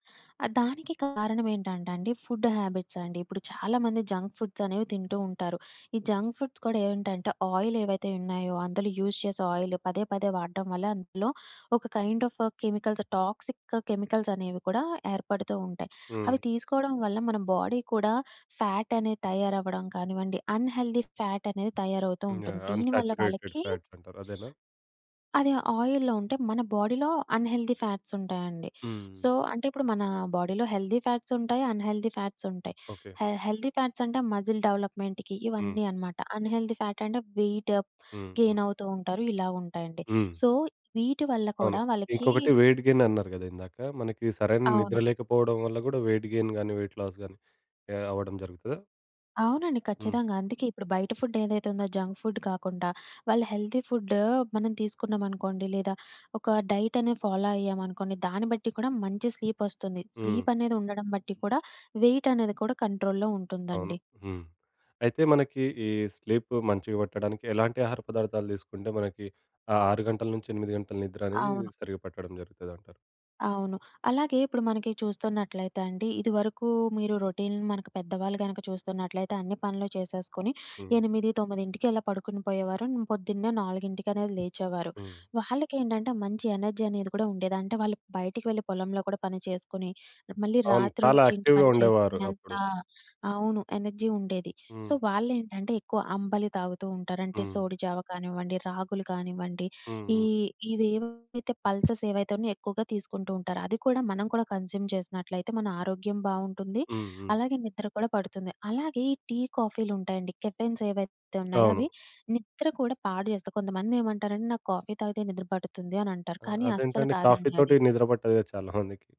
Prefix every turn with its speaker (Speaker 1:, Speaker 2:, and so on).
Speaker 1: ఆహ్, దానికి కారణమేంటంటే అండి ఫుడ్ హ్యాబిట్స్ అండి. ఇప్పుడు చాలామంది జంక్ ఫుడ్స్ అనేవి తింటూ ఉంటారు. ఈ జంక్ ఫుడ్స్ కూడా ఏంటంటే, ఆయిల్ ఏవైతే ఉన్నాయో, అందులో యూజ్ చేసే ఆయిల్ పదే పదే వాడడం వల్ల అందులో ఒక kind of chemicals toxic‌ chemicals అనేవి కూడా ఏర్పడుతూ ఉంటాయి. అవి
Speaker 2: హ్మ్.
Speaker 1: తీసుకోవడం వల్ల మన బాడీ కూడా ఫ్యాట్ అనేది తయారవ్వడం కానివ్వండి, అన్ హెల్టీ ఫ్యాట్ అనేది తయారవుతూ
Speaker 2: హ్మ్. ఆ!
Speaker 1: ఉంటుంది. దీని వల్ల
Speaker 2: అన్సాచురేటెడ్
Speaker 1: వాళ్ళకి
Speaker 2: ఫ్యాట్స్ అంటారు. అదేనా?
Speaker 1: అది ఆయిల్‌లో ఉంటే, మన బాడీలో అన్ హెల్టీ ఫ్యాట్స్ ఉంటాయండి.
Speaker 2: హ్మ్.
Speaker 1: సో, అంటే ఇప్పుడు మన బాడీలో హెల్తీ ఫ్యాట్స్ ఉంటాయి, అన్ హెల్టీ ఫ్యాట్స్ ఉంటాయి.
Speaker 2: ఓకే.
Speaker 1: హె హెల్తీ ఫ్యాట్స్ అంటే మస్జిల్ డెవలప్మెంట్‌కి
Speaker 2: హ్మ్.
Speaker 1: ఇవన్నీ అనమాట. అన్ హెల్టీ ఫ్యాట్ అంటే వెయిట్
Speaker 2: హ్మ్. హ్మ్.
Speaker 1: గెయిన్ అవుతూ ఉంటారు. ఇలా ఉంటాయండి.
Speaker 2: హ్మ్.
Speaker 1: సో, వీటి వల్ల
Speaker 2: అవును.
Speaker 1: కూడా వాళ్ళకి
Speaker 2: ఇంకొకటి వెయిట్ గెయిన్ అన్నారు గదా! ఇందాక, మనకి సరైన నిద్ర
Speaker 1: అవును.
Speaker 2: లేకపోవడం వల్ల గూడా వెయిట్ గెయిన్ గాని వెయిట్ లాస్ గాని ఆహ్ అవ్వడం జరుగుతద?
Speaker 1: అవునండి.
Speaker 2: హ్మ్.
Speaker 1: ఖచ్చితంగా. అందుకే ఇప్పుడు బయట ఫుడ్ ఏదైతే ఉందో జంక్ ఫుడ్ కాకుండా, వాళ్ళు హెల్తీ ఫుడ్ మనం తీసుకున్నామనుకోండి. లేదా ఒక డైట్ అనేది ఫాలో అయ్యామనుకోండి, దాన్ని బట్టి కూడా మంచి స్లీప్ ఒస్తుంది
Speaker 2: హ్మ్.
Speaker 1: స్లీప్ అనేది ఉండడం బట్టి కూడా, వెయిట్ అనేది కూడా కంట్రోల్‌లో
Speaker 2: అవును.
Speaker 1: ఉంటుందండి.
Speaker 2: హ్మ్. అయితే మనకి ఈ స్లీప్ మంచిగా వట్టడానికి ఎలాంటి ఆహార పదార్థాలు తీసుకుంటే మనకి ఆ 6:00-8:00 నిద్ర అనేది
Speaker 1: అవును.
Speaker 2: సరిగ్గా పట్టడం జరుగుతది అంటారు?
Speaker 1: అవును. అలాగే ఇప్పుడు మనకి చూస్తున్నట్లయితే అండి. ఇదివరకు మీరు రొటీన్ మనకు పెద్దవాళ్ళు గనుక చూస్తున్నట్లయితే అన్ని పనులు చేసేసుకొని,
Speaker 2: హ్మ్.
Speaker 1: 8, 9కి అలా పడుకుని పోయేవారు, పొద్దున్నే నాలుగింటికనేది లేచేవారు.
Speaker 2: హ్మ్.
Speaker 1: వాళ్ళకేంటంటే, మంచి ఎనర్జీ అనేది కూడా ఉండేది. అంటే వాళ్ళు బయటికి వెళ్లి పొలంలో కూడా పని చేసుకొని, మళ్ళీ
Speaker 2: అవును. చాలా
Speaker 1: రాత్రొచ్చి ఇంటి
Speaker 2: యాక్టివ్‌గా
Speaker 1: పని
Speaker 2: ఉండేవారు.
Speaker 1: చేసుకునంత
Speaker 2: అప్పుడు.
Speaker 1: అవును. ఎనర్జీ ఉండేది. సో,
Speaker 2: హ్మ్.
Speaker 1: వాళ్లేంటంటే ఎక్కువ అంబలి తాగుతూ ఉంటారు. అంటే
Speaker 2: హ్మ్.
Speaker 1: సోడి జావ కానివ్వండి, రాగులు గానివ్వండి,
Speaker 2: హ్మ్.
Speaker 1: ఈ
Speaker 2: హ్మ్.
Speaker 1: ఇవి ఏవైతే పల్సస్ ఏవైతే ఉన్నాయో ఎక్కువగా తీసుకుంటూ ఉంటారు. అది కూడా మనం కూడా కన్జ్యూమ్ చేసినట్లయితే మన ఆరోగ్యం బావుంటుంది.
Speaker 2: హ్మ్. హ్మ్.
Speaker 1: అలాగే నిద్ర కూడా పడుతుంది. అలాగే ఈ టీ, కాఫీలుంటాయండి కెఫెన్స్ ఏవైతే ఉన్నాయో అవి
Speaker 2: అవును.
Speaker 1: నిద్ర కూడా పాడుచేస్తాయి. కొంతమందేమంటారంటే, నాకు కాఫీ తాగితే నిద్ర పడుతుంది అని అంటారు.
Speaker 2: ఆహ్,
Speaker 1: కానీ అస్సలు
Speaker 2: అదేంటండి? కాఫీ
Speaker 1: కాదండి అది.
Speaker 2: తోటి నిద్ర పట్టదుగా చాలామందికి.